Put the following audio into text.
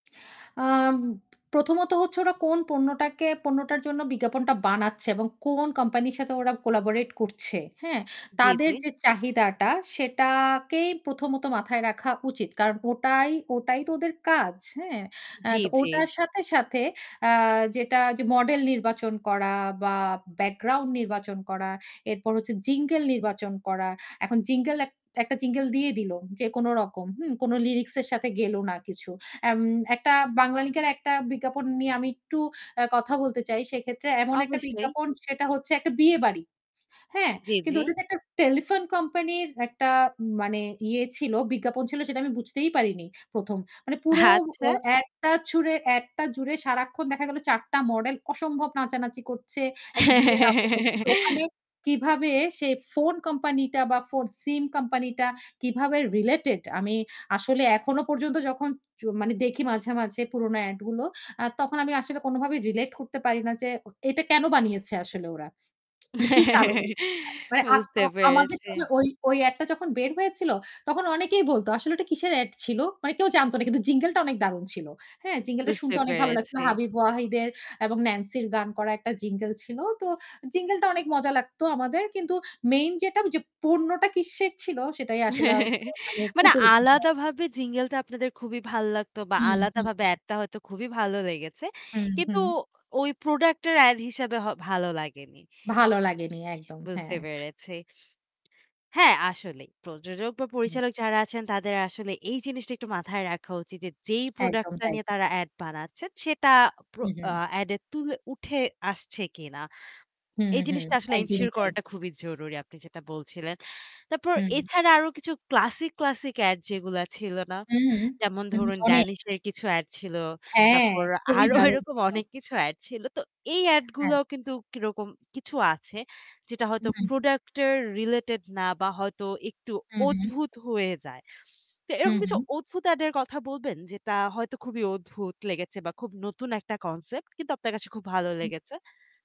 আম প্রথমত হচ্ছে ওরা কোন পণ্যটাকে পণ্যটার জন্য বিজ্ঞাপনটা বানাচ্ছে এবং কোন কোম্পানির সাথে ওরা collaborate করছে, হ্যাঁ? জি, তাদের জি। যে চাহিদাটা সেটাকেই প্রথমত মাথায় রাখা উচিত। কারণ ওটাই ওটাই তো ওদের কাজ, হ্যাঁ? এ জ্বি, তো জ্বি। ওটার সাথে, সাথে আ যেটা যে মডেল নির্বাচন করা বা ব্যাকগ্রাউন্ড নির্বাচন করা, এরপর হচ্ছে jingle নির্বাচন করা। এখন jingle এক একটা jingle দিয়ে দিলো যে কোনো রকম, হুম? কোনো লিরিক্স এর সাথে হুম, হুম। গেলো না কিছু। এম একটা Banglalink এর একটা বিজ্ঞাপন নিয়ে আমি একটু আ কথা বলতে চাই। সেক্ষেত্রে এমন একটা অবশ্যই। বিজ্ঞাপন সেটা হচ্ছে একটা বিয়েবাড়ি। হ্যাঁ? জি, কিন্তু জি। ওটা তো একটা টেলিফোন কোম্পানির একটা মানে ইয়ে ছিল, বিজ্ঞাপন ছিল সেটা আমি বুঝতেই পারিনি ১ম। মানে পুরো ও আচ্ছা। এড টা ছুড়ে এড টা জুড়ে সারাক্ষণ দেখা গেল ৪ টা মডেল অসম্ভব নাচানাচি করছে। একটা বিয়ের আবহ কিন্তু ওখানে কিভাবে সে ফোন কোম্পানি টা বা ফোন সিম কোম্পানি টা কিভাবে রিলেটেড আমি আসলে এখনো পর্যন্ত যখন য মানে দেখি মাঝে, মাঝে পুরনো এড গুলো আ তখন আমি আসলে কোনভাবেই রিলেট করতে পারি না যে ও এটা কেনো বানিয়েছে আসলে ওরা? মানে কি কারণে? মানে আ বুঝতে আ আমাদের পেরেছি। সময় ওই ওই এড টা যখন বের হয়েছিল, তখন অনেকেই বলত যে, "আসলে ওটা কিসের এড ছিল?" মানে কেউ জানত না। কিন্তু jingle টা অনেক দারুন ছিল। হ্যাঁ? jingle টা বুঝতে শুনতে অনেক ভালো লাগছিল। পেরেছি। হাবিব ওয়াহিদ এর এবং ন্যান্সির গান করা একটা jingle ছিল। তো jingle টা অনেক মজা লাগতো আমাদের কিন্তু মেইন যেটা ঐযে পণ্যটা কিসের ছিল, সেটাই আসলে আ মানে ওখানে মানে ফুটে উঠেনি আর। আলাদাভাবে jingle টা আপনাদের খুবই ভালো লাগতো বা হুম, হুম, হুম, আলাদাভাবে হুম। এডটা হয়তো খুবই ভালো লেগেছে। হুম, কিন্তু হুম। ওই প্রোডাক্ট এর এড হিসাবে হ ভালো লাগেনি। ভালো লাগেনি একদম, বুঝতে হ্যাঁ। পেরেছি। হ্যাঁ, আসলেই। প্রযোজক বা হুম। পরিচালক যারা আছেন তাদের আসলে এই জিনিসটা একটু মাথায় রাখা উচিত যে যেই প্রোডাক্ট একদম টা তাই। নিয়ে তারা এড বানাচ্ছেন সেটা প্রো হুম, হুম। আ এড এ তুলে উঠে আসছে কিনা। হুম, এই হুম। জিনিসটা আসলে একদমই এনশিওর তাই। করাটা খুবই জরুরি আপনি যেটা বলছিলেন। তারপর হুম। এছাড়া আরও কিছু ক্লাসিক, ক্লাসিক এড যেগুলো ছিল না? হুম। যেমন হুম। ধরুন অনেক। 'Danish' এর কিছু এড ছিল। হ্যাঁ, তারপর খুবই আরো দারুণ এরকম ছিল। অনেক কিছু এড ছিল। তো এই এড হ্যাঁ। গুলাও কিন্তু কিরকম কিছু আছে যেটা হয়তো উহুম, হুম। প্রোডাক্ট রিলেটেড না বা হয়তো একটু হুম, হুম। অদ্ভুত হয়ে যায়। তো এরকম হুম, কিছু হুম। অদ্ভুত এড এর কথা বলবেন যেটা হয়তো খুবই অদ্ভুত লেগেছে বা খুব নতুন একটা কনসেপ্ট কিন্তু আপনার কাছে খুব ভালো হুম। লেগেছে?